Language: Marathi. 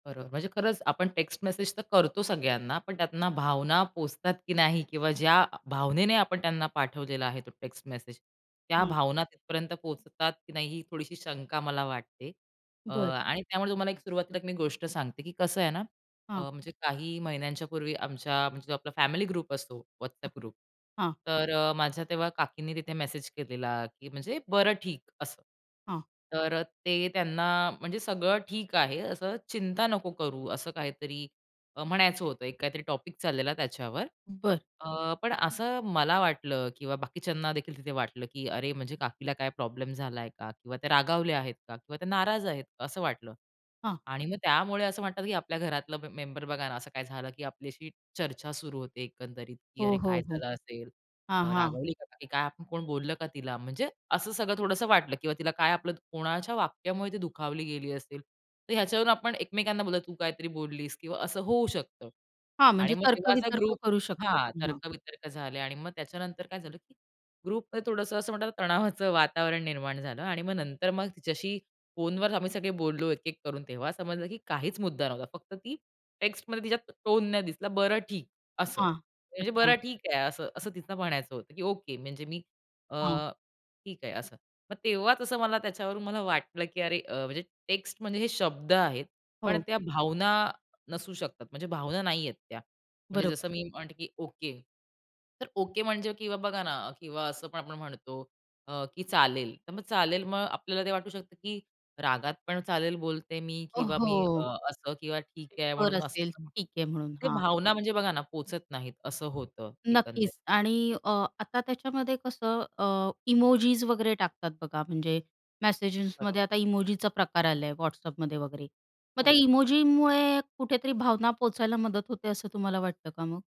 बरोबर. म्हणजे खरंच आपण टेक्स्ट मेसेज तर करतो सगळ्यांना. पण त्यातन भावना पोहचतात की नाही किंवा ज्या अ, भावनेने आपण त्यांना पाठवलेला आहे तो टेक्स्ट मेसेज, त्या हं. भावना तिथपर्यंत पोहचतात की नाही ही थोडीशी शंका मला वाटते. अ बरं. आणि त्यामुळे तुम्हाला एक सुरुवातीला मी गोष्ट सांगते की कसं आहे ना हां. अ, म्हणजे काही महिन्यांच्या पूर्वी आमच्या म्हणजे आपला फॅमिली ग्रुप असतो हं, WhatsApp ग्रुप. हां. तर अ, माझ्या तेव्हा काकींनी तिथे मेसेज केलेला, की म्हणजे "बरं, ठीक असं." हां. तर ते त्यांना म्हणजे सगळं ठीक आहे असं. चिंता नको करू ,असं काहीतरी अ, म्हणायचं होतं एक काहीतरी टॉपिक चाललेला त्याच्यावर. बरं. अ, पण असं मला वाटलं किंवा बाकीच्यांना देखील तिथे वाटलं की "अरे, म्हणजे काकीला काय प्रॉब्लेम झालाय का? किंवा ते रागावले आहेत का? किंवा त्या नाराज आहेत का?" असं वाटलं. हां. आणि मग त्यामुळे असं म्हणतात की आपल्या घरातलं म मेंबर बघा ना असं काय झालं की आपल्याशी चर्चा सुरू होते एकंदरीत. की हो, "अरे, हो, काय हो. झालं असेल? हां, अ, हां. रागवली का काकी काय? आपण कोण बोललं का तिला?" म्हणजे असं सगळं थोडंसं वाटलं किंवा तिला काय आपलं कोणाच्या वाक्यामुळे ती दुखावली गेली असेल. तर ह्याच्यावरून आपण एकमेकांना बोलतो, तू काहीतरी बोललीस किंवा असं होऊ शकतं. हां, आणि म्हणजे मग तेव्हा असा तर्क-वितर्क ग्रुप करू शकतो. हां, हां. तर्क-वितर्क झाले आणि मग त्याच्यानंतर काय झालं? की ग्रुपमध्ये थोडंसं असं म्हणतात तणावाचं वातावरण निर्माण झालं आणि मग नंतर मग तिच्याशी फोनवर आम्ही सगळे बोललो एक-एक करून तेव्हा समजलं की काहीच मुद्दा नव्हता. फक्त ती टेक्स्टमध्ये तिच्या टोन नाही दिसला. "बरं, ठीक." अस हां. म्हणजे अच्छा. "बरं, ठीक आहे." असं असं तिला म्हणायचं होतं की ओके म्हणजे मी अ, हां. ठीक आहे असं. मग तेव्हाच असं मला त्याच्यावरून मला वाटलं की अरे, अ, म्हणजे टेक्स्ट म्हणजे हे शब्द आहेत. पण हो. त्या भावना नसू शकतात. म्हणजे भावना नाही आहेत त्या. म्हणजे बरोबर. जसं मी म्हणते की ओके. तर ओके म्हणजे किंवा बघा ना किंवा असं पण आपण म्हणतो अ, की चालेल. तर मग चालेल, मग आपल्याला ते वाटू शकतं की रागात पण चालेल बोलते मी ओ, किंवा मी अ, हो! असं ठीक आहे वर म्हणून असं असेल म्हणतो. ठीक आहे. म्हणून आणि हां. भावना म्हणजे बघा ना पोहचत नाहीत असं होतं एकंदरीत. नक्कीच आणि अ, आता त्याच्यामध्ये कसं अ, इमोजीस वगैरे टाकतात बघा. म्हणजे बरोबर. मेसेजेसमध्ये आता इमोजीचा प्रकार आला WhatsAppमध्ये वगैरे. मग त्या हो. इमोजीमुळे कुठेतरी भावना पोहोचायला मदत होते असं तुम्हाला वाटतं का मग?